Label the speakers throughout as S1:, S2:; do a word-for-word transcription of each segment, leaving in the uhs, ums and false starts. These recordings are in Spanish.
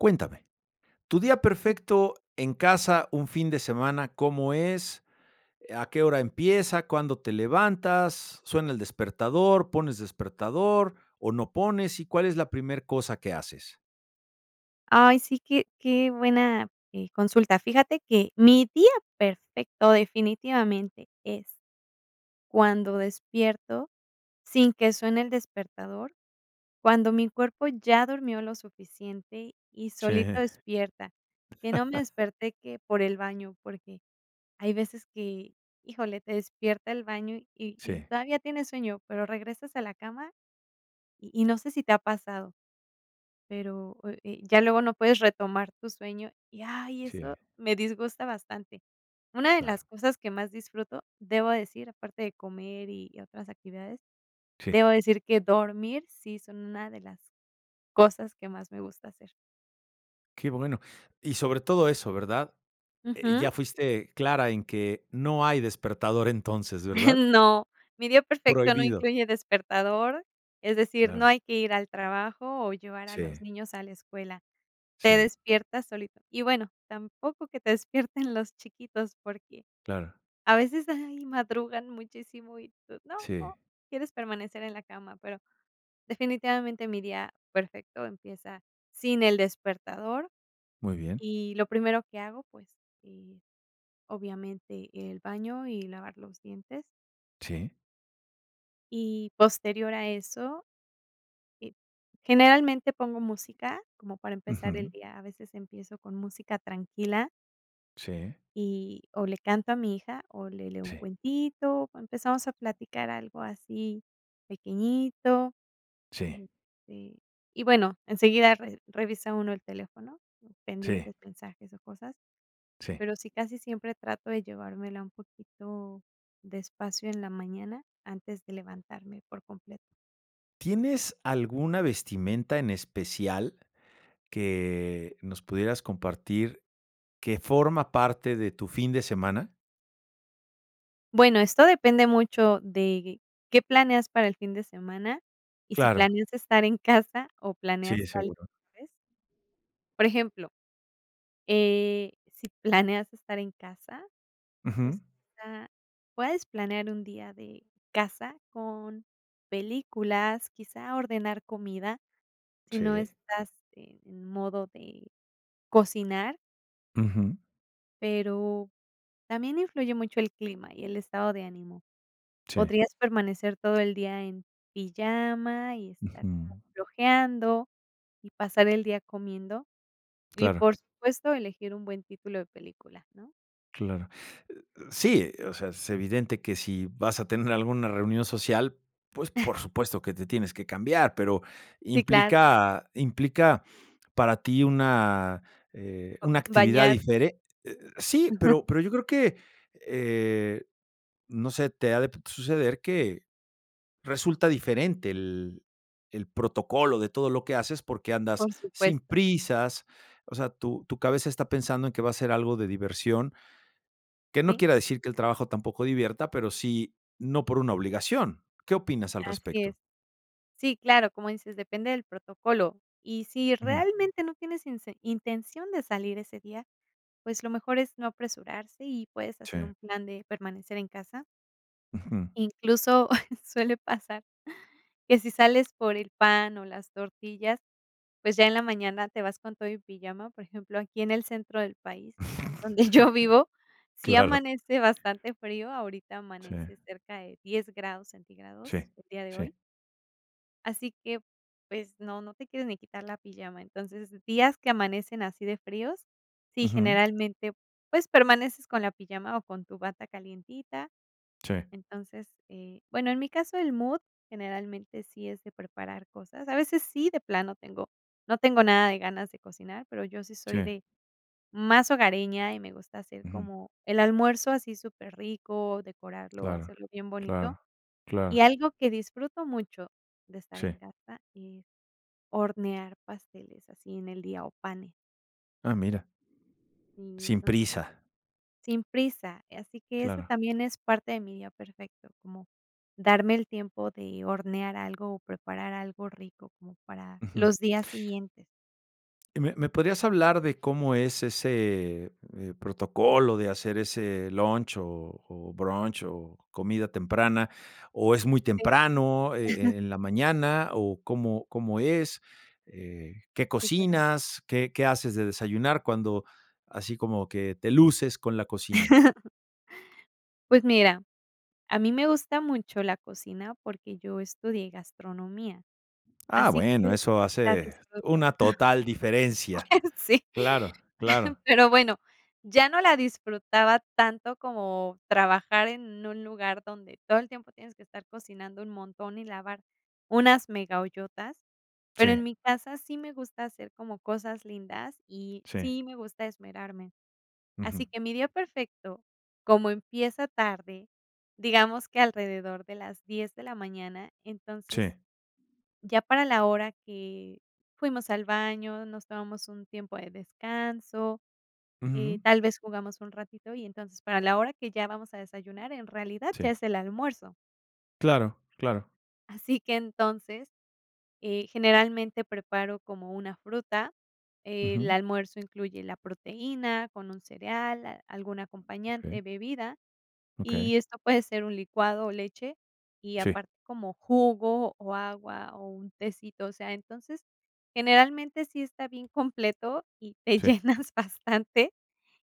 S1: Cuéntame, tu día perfecto en casa, un fin de semana, ¿cómo es? ¿A qué hora empieza? ¿Cuándo te levantas? ¿Suena el despertador? ¿Pones despertador, o, no pones? ¿Y cuál es la primer cosa que haces?
S2: Ay, sí, qué qué buena, eh, consulta. Fíjate que mi día perfecto definitivamente es cuando despierto sin que suene el despertador, cuando mi cuerpo ya durmió lo suficiente y
S1: Sí.
S2: solito despierta. Que no me desperté que por el baño, porque hay veces que, híjole, te despierta el baño, y y
S1: Sí.
S2: todavía tienes sueño, pero regresas a la cama, y y no sé si te ha pasado, pero, oh, eh, ya luego no puedes retomar tu sueño, y, ay, eso
S1: Sí.
S2: me disgusta bastante. Una de
S1: Claro.
S2: las cosas que más disfruto, debo decir, aparte de comer y otras actividades,
S1: Sí.
S2: debo decir que dormir, sí son una de las cosas que más me gusta hacer.
S1: Qué bueno. Y sobre todo eso, ¿verdad? Eh,
S2: Ujú.
S1: ya fuiste clara en que no hay despertador entonces, ¿verdad?
S2: No, mi día perfecto no
S1: Prohibido.
S2: incluye despertador, es decir, no
S1: Claro.
S2: hay que ir al trabajo o llevar a los
S1: Sí.
S2: niños a la escuela, te
S1: Sí.
S2: despiertas solito. Y bueno, tampoco que te despierten los chiquitos, porque
S1: Claro.
S2: a veces, ay, madrugan muchísimo, y tú: "No",
S1: Sí.
S2: quieres permanecer en la cama, pero definitivamente mi día perfecto empieza sin el despertador,
S1: Muy bien.
S2: y lo primero que hago, pues, eh, obviamente el baño, y lavar los dientes
S1: Sí.
S2: y posterior a eso, eh, generalmente pongo música como para empezar el
S1: Ujú.
S2: día. A veces empiezo con música tranquila.
S1: Sí.
S2: Y o, le canto a mi hija, o, le leo un
S1: Sí.
S2: cuentito, o, empezamos a platicar algo así pequeñito,
S1: Sí.
S2: este, y bueno, enseguida re revisa uno el teléfono,
S1: Sí.
S2: pendientes, mensajes, o cosas.
S1: Sí.
S2: Pero, sí casi siempre trato de llevármela un poquito despacio en la mañana antes de levantarme por completo.
S1: ¿Tienes alguna vestimenta en especial que nos pudieras compartir que forma parte de tu fin de semana?
S2: Bueno, esto depende mucho de qué planeas para el fin de semana. Y si
S1: Claro.
S2: planeas estar en casa, o
S1: Sí,
S2: planeas salir
S1: seguro.
S2: tal vez. Por ejemplo, eh, si planeas estar en casa, pues,
S1: Ujú.
S2: o sea, puedes planear un día de casa con películas, quizá, ordenar comida si no
S1: Sí.
S2: estás en modo de cocinar
S1: Ujú.
S2: pero también influye mucho el clima, y el estado de ánimo.
S1: Sí.
S2: Podrías permanecer todo el día en pijama, y estar
S1: Ujú.
S2: como flojeando, y pasar el día comiendo, y
S1: Claro.
S2: por supuesto elegir un buen título de película, ¿no?
S1: Claro. Sí, o sea, es evidente que si vas a tener alguna reunión social, pues, por supuesto que te tienes que cambiar, pero,
S2: Sí, claro.
S1: implica implica para ti una, eh, una actividad
S2: Bañar
S1: difere eh eh, sí, pero pero yo creo que, eh, no sé, te ha, p de suceder que resulta diferente el el protocolo de todo lo que haces, porque, andas
S2: Por
S1: sin
S2: supuesto.
S1: prisas, o sea, tu tu cabeza está pensando en que va a ser algo de diversión que no
S2: Sí.
S1: quiera decir, que el trabajo tampoco divierta, pero sí, no por una obligación, ¿qué opinas al
S2: Así es.
S1: respecto?
S2: Sí claro, como dices depende del protocolo, y si
S1: Ujú.
S2: realmente no tienes inse intención de salir ese día, pues, lo mejor es no apresurarse y puedes hacer
S1: Sí.
S2: un plan de permanecer en casa
S1: Ujú.
S2: incluso suele pasar, que si sales por el pan, o las tortillas, pues, ya en la mañana te vas con todo y pijama. Por ejemplo aquí en el centro del país, donde yo vivo, sí
S1: Claro.
S2: amanece bastante frío, ahorita
S1: Sí.
S2: amanece cerca de diez grados centígrados,
S1: Sí,
S2: el día de
S1: sí.
S2: hoy así que, pues, no no te quieres ni quitar la pijama. Entonces esos días que amanecen así de fríos, sí,
S1: Ujú.
S2: generalmente, pues permaneces con la pijama, o con tu bata calentita.
S1: Sí.
S2: Entonces, eh, bueno, en mi caso el mood generalmente sí es de preparar cosas. A veces sí, de plano tengo, no tengo nada de ganas de cocinar, pero, yo sí soy
S1: Sí.
S2: de más hogareña, y me gusta hacer
S1: Ujú.
S2: como el almuerzo así súper rico, decorarlo
S1: Claro,
S2: hacerlo bien bonito.
S1: claro,
S2: Y
S1: claro.
S2: algo que disfruto mucho de estar en
S1: Sí.
S2: casa, es hornear pasteles así en el día, o panes.
S1: Ah, mira. Sin
S2: [unintelligible]
S1: prisa.
S2: Sin prisa, así que eso
S1: Claro.
S2: también eso parte de mi día perfecto, como darme el tiempo de hornear algo, o preparar algo rico como para
S1: Ujú.
S2: los días siguientes.
S1: ¿Me me podrías hablar de cómo es ese, eh, protocolo de hacer ese lunch, o o brunch, o comida temprana? O es muy
S2: Sí.
S1: temprano, eh eh, en la mañana, o, ¿cómo cómo es, eh, qué
S2: Si, claro.
S1: cocinas, qué qué haces de desayunar? Cuando, así como que, te luces con la cocina.
S2: Pues mira, a mí me gusta mucho la cocina, porque, yo estudié gastronomía.
S1: Ah,
S2: Así
S1: bueno,
S2: que
S1: eso
S2: la
S1: hace
S2: disfruto.
S1: una total diferencia.
S2: Ah, sí,
S1: Claro, claro.
S2: pero bueno, ya no la disfrutaba tanto como trabajar en un lugar donde todo el tiempo tienes que estar cocinando un montón, y lavar unas mega ollotas. Pero, en
S1: Sí.
S2: mi casa sí me gusta hacer como cosas lindas, y
S1: Sí.
S2: sí me gusta esmerarme. Así
S1: Ujú.
S2: que mi día perfecto, como empieza tarde, digamos que alrededor de las diez de la mañana, entonces,
S1: Sí.
S2: ya para la hora que fuimos al baño, nos tomamos un tiempo de descanso, eh,
S1: Ujú.
S2: tal vez jugamos un ratito, y entonces, para la hora que ya vamos a desayunar, en realidad ya
S1: Sí.
S2: es el almuerzo.
S1: Claro, claro.
S2: Así que, entonces, eh, generalmente preparo como una fruta. El
S1: Ujú.
S2: almuerzo incluye la proteína con un cereal, algún acompañante,
S1: Okey.
S2: bebida, y
S1: Okey.
S2: esto puede ser un licuado, o leche. Y
S1: Sí.
S2: aparte como jugo, o agua, o un tecito. O sea, entonces, generalmente sí está bien completo y te
S1: Sí.
S2: llenas bastante,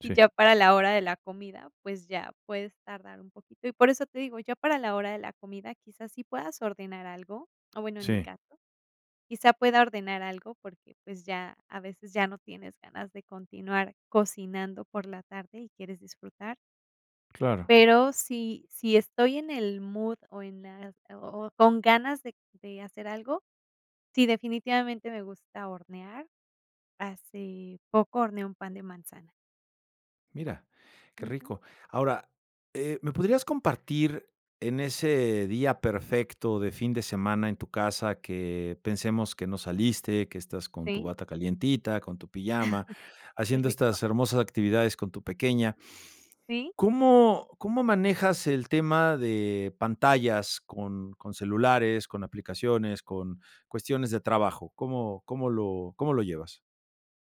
S2: y
S1: Sí.
S2: ya para la hora de la comida, pues, ya puedes tardar un poquito. Y por eso te digo, ya para la hora de la comida, quizás sí puedas ordenar algo, o bueno en mi
S1: Sí.
S2: caso quizá pueda ordenar algo, porque pues ya, a veces ya no tienes ganas de continuar cocinando por la tarde, y quieres disfrutar.
S1: Claro.
S2: Pero si si estoy en el mood, o en las, o o con ganas de de hacer algo, sí definitivamente me gusta hornear. Hace poco horneé un pan de manzana.
S1: Mira, qué
S2: Ujú.
S1: rico. Ahora, eh, me podrías compartir en ese día perfecto de fin de semana en tu casa que, pensemos que no saliste, que estás con tu
S2: Sí.
S1: bata calientita, con tu pijama,
S2: Qué
S1: haciendo
S2: rico.
S1: estas hermosas actividades con tu pequeña.
S2: Sí.
S1: ¿Cómo cómo manejas el tema de pantallas con con celulares, con aplicaciones, con cuestiones de trabajo? ¿Cómo cómo lo cómo lo llevas?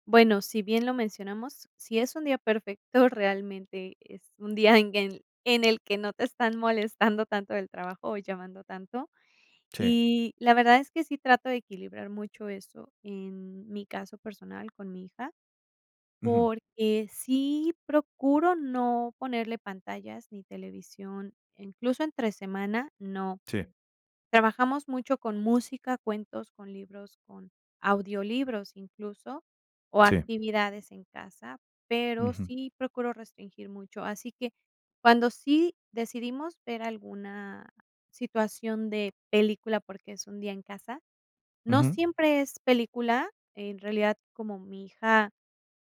S2: Bueno, si bien lo mencionamos, si es un día perfecto, realmente es un día en guel en el que no te están molestando tanto del trabajo, o llamando tanto.
S1: Sí.
S2: Y la verdad es que sí trato de equilibrar mucho eso, en mi caso personal con mi hija,
S1: Ujú.
S2: porque, sí procuro no ponerle pantallas ni televisión, incluso, entre semana no.
S1: Sí.
S2: Trabajamos mucho con música, cuentos, con libros, con audiolibros, incluso, o,
S1: Sí.
S2: actividades en casa, pero,
S1: Ujú.
S2: sí procuro restringir mucho. Así que cuando sí decidimos ver alguna situación de película, porque es un día en casa, no
S1: Ujú.
S2: siempre es película, en realidad como mi hija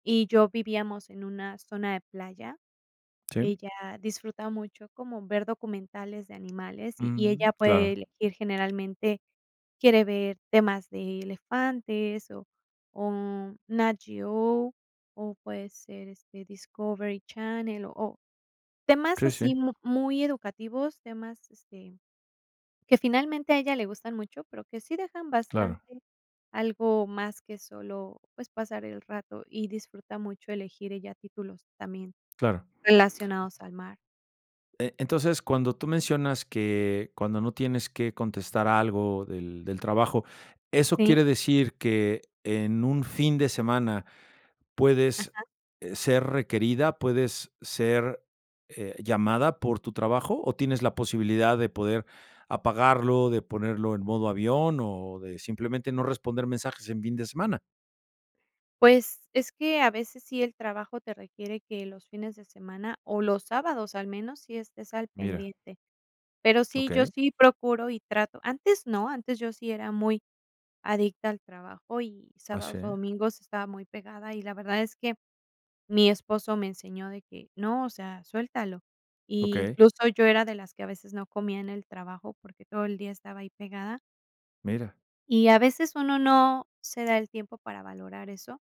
S2: y yo vivíamos en una zona de playa,
S1: Sí.
S2: ella disfruta mucho como ver documentales de animales, y
S1: Mm,
S2: ella puede
S1: claro.
S2: elegir, generalmente quiere ver temas de elefantes, o o, NAT GEO, o, puede ser, este, Discovery Channel, o, temas
S1: Sí, sí.
S2: así mu muy educativos, temas, este, que finalmente a ella le gustan mucho, pero que, sí dejan
S1: Claro.
S2: bastante algo más que solo, pues, pasar el rato, y disfruta mucho elegir ella títulos también
S1: Claro.
S2: relacionados al mar.
S1: Eh, entonces, cuando tú mencionas, que cuando no tienes que contestar algo del del trabajo, eso
S2: Sí.
S1: quiere decir, que en un fin de semana puedes,
S2: Ajá.
S1: eh, ser requerida, puedes ser, eh, llamada por tu trabajo, o, ¿tienes la posibilidad de poder apagarlo, de ponerlo en modo avión, o de simplemente no responder mensajes en fin de semana?
S2: Pues, es que a veces sí el trabajo te requiere que los fines de semana, o, los sábados al menos sí estés al
S1: Mira.
S2: pendiente. Pero sí, yo
S1: Okey.
S2: sí procuro y trato. Antes no, antes yo sí era muy adicta al trabajo, y
S1: ¿Ah,
S2: sábados, o,
S1: sí?
S2: domingos estaba muy pegada, y la verdad es que mi esposo me enseñó de que: "No, o sea, suéltalo".
S1: Okey.
S2: Incluso yo era de las que a veces no comía en el trabajo, porque, todo el día estaba ahí pegada
S1: Mira.
S2: y a veces uno no se da el tiempo para valorar eso,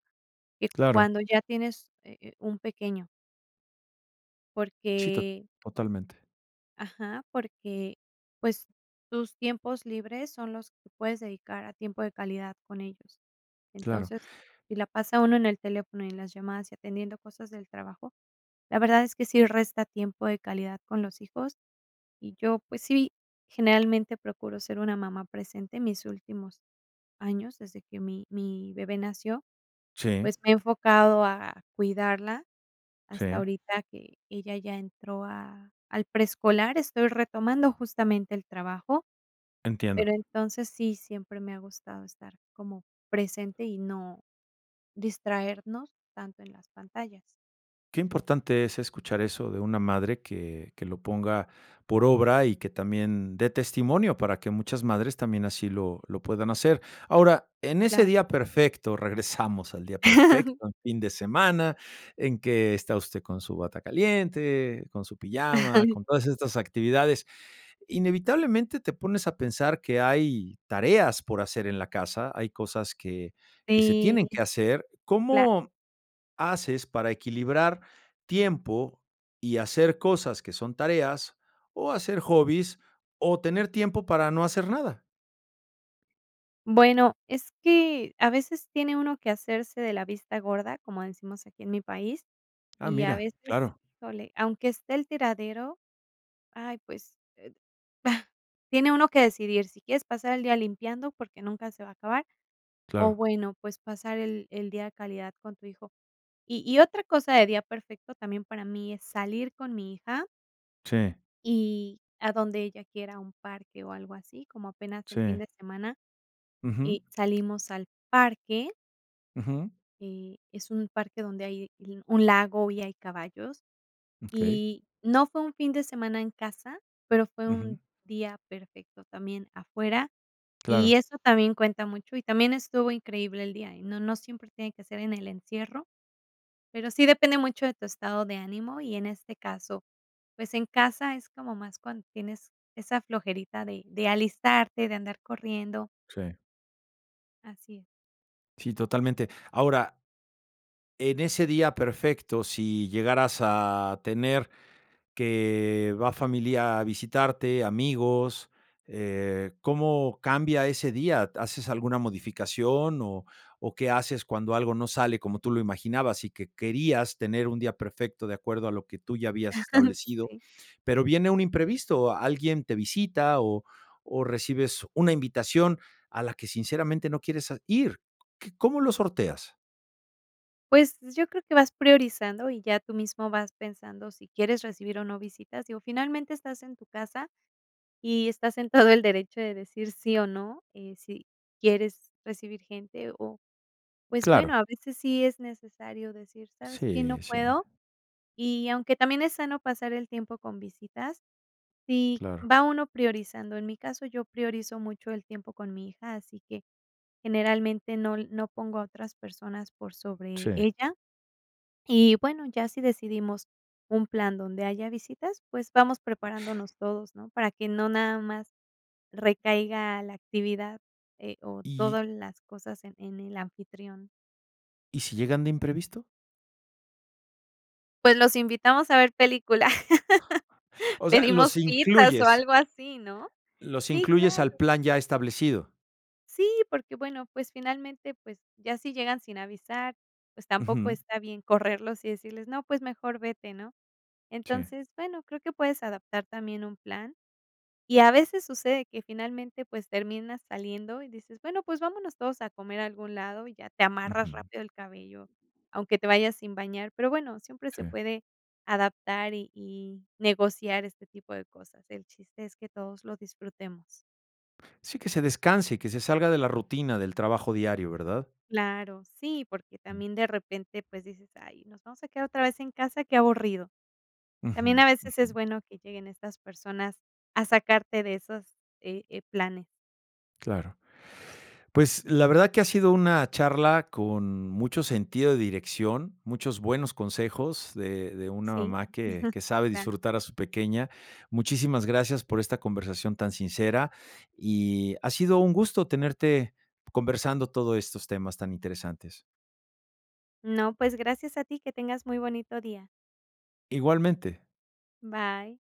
S2: y
S1: Claro.
S2: cuando ya tienes, eh eh, un pequeño
S1: Sí, to
S2: porque
S1: totalmente.
S2: ajá, porque, pues, tus tiempos libres son los que puedes dedicar a tiempo de calidad con ellos.
S1: Claro.
S2: Entonces, si la pasa uno en el teléfono y en las llamadas, y atendiendo cosas del trabajo, la verdad es que sí resta tiempo de calidad con los hijos. Y yo, pues sí, generalmente procuro ser una mamá presente, en mis últimos años desde que mi mi bebé nació,
S1: Sí.
S2: pues me he enfocado a cuidarla hasta
S1: Sí.
S2: ahorita que ella ya entró a al preescolar, estoy retomando justamente el trabajo,
S1: Entiendo.
S2: pero entonces sí, siempre me ha gustado estar como presente, y no distraernos tanto en las pantallas.
S1: Qué importante es escuchar eso de una madre que que lo ponga por obra, y que también dé testimonio, para que muchas madres también así lo lo puedan hacer. Ahora, en ese
S2: Claro.
S1: día perfecto, regresamos al día perfecto, un fin de semana, en que está usted con su bata caliente, con su pijama, con todas estas actividades. Inevitablemente te pones a pensar que hay tareas por hacer en la casa, hay cosas que que se
S2: Sí,
S1: tienen que hacer.
S2: cla
S1: ¿Cómo haces para equilibrar tiempo, y hacer cosas que son tareas, o hacer hobbies, o tener tiempo para no hacer nada?
S2: Bueno, es que a veces tiene uno que hacerse de la vista gorda, como decimos aquí, en mi país.
S1: Ah,
S2: Y a
S1: mira,
S2: veces,
S1: claro.
S2: híjole, aunque esté el tiradero, ay, pues, tiene uno que decidir si quieres pasar el día limpiando porque nunca se va a acabar, o
S1: Claro.
S2: bueno, pues, pasar el el día de calidad con tu hijo. Y y otra cosa, de día perfecto también para mí es salir con mi hija
S1: Sí.
S2: y a donde ella quiera, a un parque, o algo así, como apenas el fin
S1: Sí.
S2: de semana,
S1: Ujú.
S2: eh, salimos al parque
S1: Ujú.
S2: Eh, es un parque donde hay l un lago y hay caballos,
S1: Okey.
S2: y no fue un fin de semana en casa, pero fue un
S1: Ujú.
S2: día perfecto también afuera. Y
S1: Claro.
S2: eso también cuenta mucho, y también estuvo increíble el día, y no no siempre tiene que ser en el encierro, pero sí depende mucho de tu estado de ánimo, y en este caso, pues, en casa es como más cuando tienes esa flojerita de de alistarte, de andar corriendo.
S1: Sí.
S2: Así es.
S1: Sí, totalmente, ahora en ese día perfecto, si llegaras a tener que va familia a visitarte, amigos, eh, ¿cómo cambia ese día? ¿Haces alguna modificación? O o, qué haces cuando algo no sale como tú lo imaginabas, y que querías tener un día perfecto de acuerdo a lo que tú ya habías establecido,
S2: Sí.
S1: pero viene un imprevisto, alguien te visita, o o, recibes una invitación a la que sinceramente no quieres a ir qu ¿Cómo lo sorteas?
S2: Pues, yo creo que vas priorizando, y ya tú mismo vas pensando si quieres recibir, o, no visitas, digo, finalmente estás en tu casa, y estás en todo el derecho de decir sí, o, no, eh, si quieres recibir gente, o, pues bueno,
S1: Claro.
S2: a veces sí es necesario decir, ¿sabes qué? No
S1: Sí, sí.
S2: puedo. Y aunque también es sano pasar el tiempo con visitas, si
S1: Claro.
S2: va uno priorizando. En mi caso, yo priorizo mucho el tiempo con mi hija, así que generalmente no l no pongo a otras personas por sobre
S1: Sí.
S2: ella. Y bueno, ya si decidimos un plan donde haya visitas, pues, vamos preparándonos todos, ¿no? Para que no nada más recaiga la actividad, eh, o,
S1: Y
S2: todas las cosas en en el anfitrión.
S1: ¿y si llegan de imprevisto?
S2: Pues, los invitamos a ver película.
S1: O sea,
S2: Pedimos
S1: los
S2: pizzas, o,
S1: incluyes
S2: algo así, ¿no?
S1: los
S2: Sí,
S1: incluyes al
S2: claro.
S1: plan ya establecido.
S2: Sí, porque bueno, pues, finalmente pues, ya si llegan sin avisar, pues, tampoco
S1: Ujú.
S2: está bien correrlos, y decirles: "No, pues mejor vete", ¿no?
S1: Sí.
S2: Entonces, bueno creo que puedes adaptar también un plan. Y a veces sucede que finalmente, pues, terminas saliendo, y dices: "Bueno, pues vámonos todos a comer a algún lado", y ya te amarras
S1: Ujú.
S2: rápido el cabello, aunque te vayas sin bañar. Pero bueno, siempre se
S1: Sí.
S2: puede adaptar y y negociar este tipo de cosas. El chiste es que todos lo disfrutemos.
S1: Sí, que se descanse, y que se salga de la rutina del trabajo diario, ¿verdad?
S2: Claro. Sí, porque
S1: Mm.
S2: también de repente, pues, dices: "Ay nos vamos a quedar otra vez en casa, qué aburrido".
S1: Ujú,
S2: También a veces es
S1: ujú.
S2: bueno que lleguen estas personas a sacarte de esos, eh eh, planes.
S1: Claro, pues, la verdad que ha sido una charla con mucho sentido de dirección. Muchos buenos consejos de de una
S2: Sí,
S1: mamá que que sabe
S2: claro.
S1: disfrutar a su pequeña. Muchísimas gracias por esta conversación tan sincera, y ha sido un gusto tenerte conversando todo estos temas tan interesantes.
S2: No, pues gracias a ti. Que tengas muy bonito día.
S1: Igualmente.
S2: Bye.